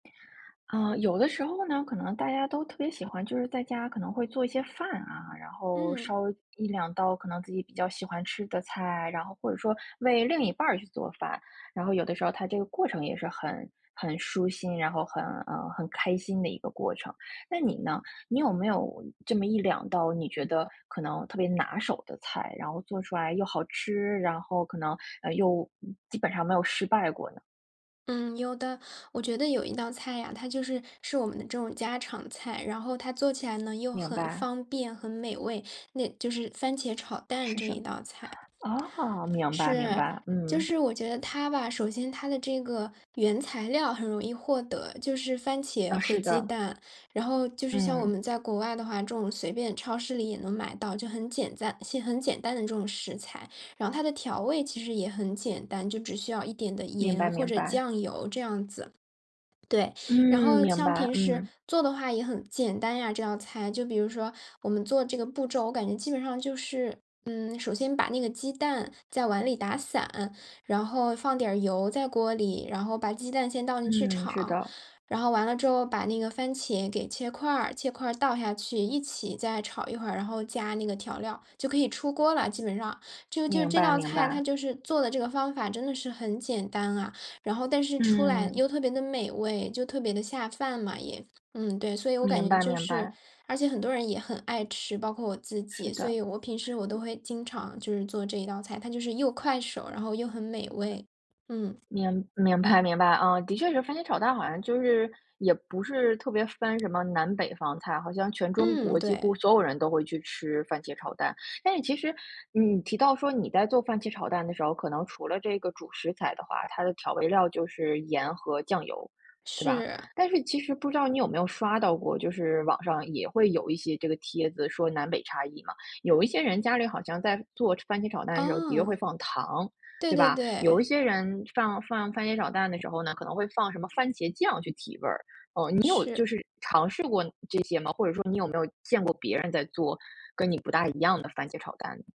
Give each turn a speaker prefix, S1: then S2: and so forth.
S1: 呃，有的时候呢，可能大家都特别喜欢，就是在家可能会做一些饭啊，然后，
S2: 嗯。
S1: 烧一两道可能自己比较喜欢吃的菜，然后或者说，为另一半去做饭，然后有的时候它这个过程也是很很舒心，然后很，呃，很开心的一个过程，那你呢？你有没有，这么一两道你觉得，可能特别拿手的菜，然后做出来又好吃，然后可能，呃，又基本上没有失败过的？
S2: 嗯，有的，我觉得有一道菜呀，它就是，是我们的这种家常菜，然后它做起来呢，又
S1: 明
S2: 很
S1: 白。
S2: 方便，很美味，那就是番茄炒蛋
S1: 是
S2: 这
S1: 什
S2: 一
S1: 么？
S2: 道菜。
S1: 哦，明白明
S2: 是，
S1: 白，
S2: 就
S1: 嗯。
S2: 是我觉得它吧，首先它的这个，原材料很容易获得，就是番茄
S1: 啊，
S2: 和
S1: 是
S2: 鸡
S1: 的。
S2: 蛋，然后就是像我
S1: 嗯。
S2: 们在国外的话，这种随便超市里也能买到，就很简单些很简单的这种食材，然后它的调味其实也很简单，就只需要一点的
S1: 明白
S2: 盐或
S1: 明
S2: 者
S1: 白。
S2: 酱油这样子对。
S1: 嗯，
S2: 然后
S1: 明
S2: 像
S1: 白，
S2: 平时，
S1: 嗯。
S2: 做的话也很简单呀，这道菜，就比如说，我们做这个步骤，我感觉基本上就是，嗯首先把那个鸡蛋，在碗里打散，然后放点儿油在锅里，然后把鸡蛋先倒进去
S1: 嗯，是
S2: 炒；
S1: 的。
S2: 然后完了之后把那个番茄给切块儿，切块儿倒下去、一起再炒一会儿，然后加那个调料，就可以出锅儿了，基本上。就就
S1: 明
S2: 这
S1: 白
S2: 道
S1: 明
S2: 菜，它
S1: 白。
S2: 就是做的这个方法真的是很简单啊，然后但是出来
S1: 嗯。
S2: 又特别地美味，就特别地下饭嘛也。嗯对，所以我
S1: 明
S2: 感觉
S1: 白
S2: 就
S1: 明
S2: 是
S1: 白。
S2: 而且很多人也很爱吃，包括我自
S1: 是
S2: 己，所以
S1: 的。
S2: 我平时我都会经常就是做这一道菜，它就是又快手，然后又很美味。嗯。
S1: 明明白明白。啊，的确是番茄炒蛋好像就是，也不是特别分什么南北方菜，好像全中国
S2: 嗯，
S1: 几
S2: 对。
S1: 乎所有人都会去吃番茄炒蛋。但是其实，你提到说，你在做番茄炒蛋的时候，可能除了这个主食材的话，它的调味料就是盐和酱油，对吧？
S2: 是。
S1: 但是其实不知道你有没有刷到过？就是网上也会有一些这个帖子说南北差异嘛，有一些人家里好像在做番茄炒蛋的时候，的确会
S2: 哦。
S1: 放糖，
S2: 对
S1: 对
S2: 对
S1: 吧？有一
S2: 对。
S1: 些人，放放番茄炒蛋的时候呢，可能会放什么番茄酱去提味儿，哦，你有
S2: 是。
S1: 就是尝试过这些吗？或者说你有没有见过别人在做，跟你不大一样的番茄炒蛋呢？